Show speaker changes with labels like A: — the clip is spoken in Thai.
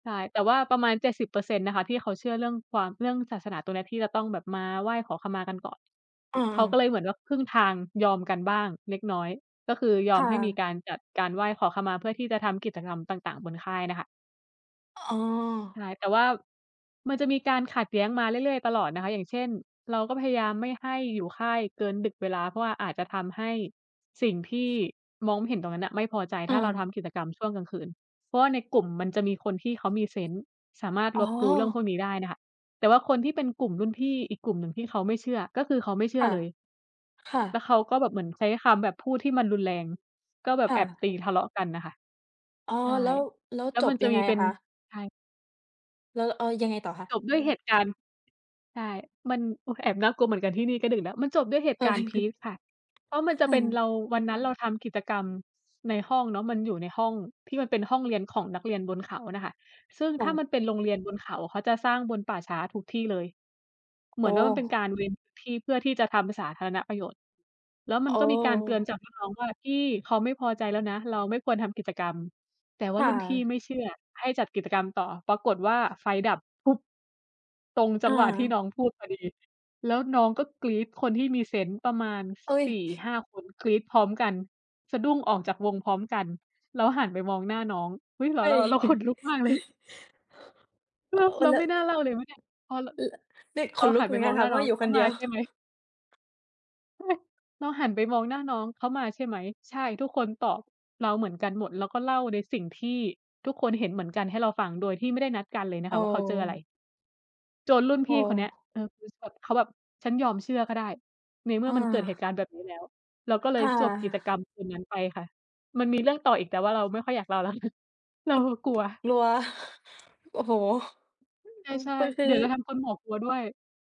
A: ใช่ แต่ว่าประมาณ 70% น่ะค่ะที่เขาเชื่อเรื่องความ เรื่องศาสนา ตรงเนี้ย ที่จะต้องแบบมาไหว้ขอขมากันก่อน
B: อา
A: เขาก็เ
B: ๆ
A: ลยเหมือนว่า ครึ่งทาง ยอมกันบ้างเล็กน้อย ก็คือย
B: ค
A: อ
B: ่
A: มให้มี
B: ะ
A: การจัดการไหว้ขอขมา เพื่อที่จะทำกิจกรรมต่าง ๆ บนค่ายเนี่ยคะ
B: อ๋อ
A: ใช่ แต่ว่า มันจะมีการขัดแย้งมาเรื่อย ๆ ตลอดนะคะ อย่างเช่น เราก็พยายามไม่ให้อยู่ค่ายเกินดึก เวลา เพราะว่าอาจจะทำให้สิ่งที่มองไม่เห็นตรงนั้นน่ะไม่พอใจ
B: อ
A: ถ้าเราท
B: า
A: ำกิจกรรมช่วงกลางคืน เพราะว่าในกลุ่มมันจะมีคนที่เขามีเซนส์ สามารถ
B: อ๋
A: ร
B: อ
A: ับรู้เรื่องพวกนี้ได้เนี่ยค่ะ แต่ว่าคนที่เป็นกลุ่มรุ่นพี่อีกกลุ่มหนึ่งที่เขาไม่เชื่อ ก็คือเขาไม่เชื
B: ค
A: ่อ
B: ่ะ
A: เลย
B: ค่
A: แล้ว
B: ะ
A: เขาก็แบบเหมือนใช้คำแบบพูดที่มันรุนแรง ก็แบ
B: ค
A: บ
B: ่
A: แอบ
B: ะ
A: ตี ทะเลาะกันน่ะค่ะ
B: อ๋อ
A: ใช่
B: แล้ว แล้ว
A: แล้
B: จ
A: วม
B: บ
A: ันจ
B: ย
A: ะ
B: ัง
A: ม
B: ไง
A: ีเ
B: อ
A: ป็
B: ะ
A: น
B: คะ?
A: ใช่
B: แล้ว เออ ยังไงต่อคะ?
A: จบด้วย เหตุการณ์ ใช่ มัน โอ๊ย แอบน่ากลัวเหมือนกัน ที่นี่ก็ดึกแล้ว มันจบด้วยเหต
B: เ
A: ุ
B: ออ
A: การณ์พีก ค่ะ เพราะมันจ
B: ค
A: ะ
B: ่
A: เป็นเร
B: ะ
A: า วันนั้นเราทำกิจกรรมในห้องเนาะ มันอยู่ในห้องที่มันเป็นห้องเรียนของนักเรียนบนเขาน่ะค่ะ ซึ่งถ้ามันเป็นโรงเรียนบนเขาอะ เขาจะสร้างบนป่าช้าทุกที่เลย เ
B: โ
A: หม
B: อ
A: ือน
B: ้!
A: ว่า มันเป็นการเวน ที่ เพื่อที่จะทำสาธารณะประโยชน์ แล้วม
B: โ
A: ั
B: อ
A: นก็มีการเตือ
B: ้
A: นจากรุ่นน้องว่า "พี่ เขาไม่พอใจแล้วนะ เราไม่ควรทำกิจกรรม" แต่ว
B: ค
A: ่า
B: ่
A: รุ่นพี่
B: ะ
A: ไม่เชื่อ ให้จัดกิจกรรมต่อ ปรากฏว่า ไฟดับ ตรงจั
B: อ
A: งหวะที่
B: า
A: น้องพูดพอดี แล้วน้องก็กรี๊ด คนที่มีเซนส์ประมาณ ส
B: เฮ้ย
A: สี่-ห้าคน กรี๊ดพร้อมกัน สะดุ้งออกจากวงพร้อมกัน แล้วหันไปมองหน้าน้อง เฮ้ย! เหร
B: เฮ
A: อ
B: ้ย
A: ๆ? เราขนลุกมากเลย เ
B: ห
A: หรอ?
B: เอ
A: เ
B: อ
A: รา
B: แล้
A: ไ
B: ว
A: ม่น่าเล่าเลยไหมเนี่ย พอ ร
B: อือ ล นี่
A: เ
B: ข
A: รา
B: นล
A: ห
B: ุ
A: ั
B: ก
A: น
B: เห
A: ไ
B: ม
A: ป
B: ือน
A: ม
B: กั
A: อ
B: น
A: งห
B: ค่
A: น้
B: ะ
A: า
B: เพร
A: น
B: าะ
A: ้
B: ว
A: อ
B: ่
A: ง
B: าอยู่
A: "เข
B: ค
A: า
B: นเ
A: ม
B: ดี
A: า
B: ยว
A: ใช่ไหม?" เราหันไปมองหน้าน้อง "เขามาใช่ไหม?" "ใช่!" ทุกคนตอบเราเหมือนกันหมด แล้วก็เล่าในสิ่งที่ทุกคนเห็นเหมือนกันให้เราฟัง โดยที่ไม่ได้นัดกันเลยน
B: โ
A: ะ
B: อ
A: คะว่า เขาเจออะไร?
B: ้
A: จนรุ่น
B: โ
A: พ
B: อ
A: ี่คนเนี้ย
B: ้
A: เออ พือ สด เขาแบบ "ฉันยอมเชื่อก็ได้ ในเมื่
B: อ
A: อมันเกิดเหต
B: า
A: ุการณ์แบบนี้แล้ว" เราก็เล
B: ค
A: ย
B: ่
A: จบกิจกร
B: ะ
A: รมคืนนั้นไปค่ะ มันมีเรื่อง ต่ออีก แต่ว่าเราไม่ค่อยอยากเล่าแล้ว เล่าแล้วกลัว
B: กลัว โอ้โฮ
A: ใ
B: อืม
A: ช่
B: ปึ ค
A: ๆ
B: ือ
A: เดี๋ยวจะทำคุณหมวกกลัวด้วย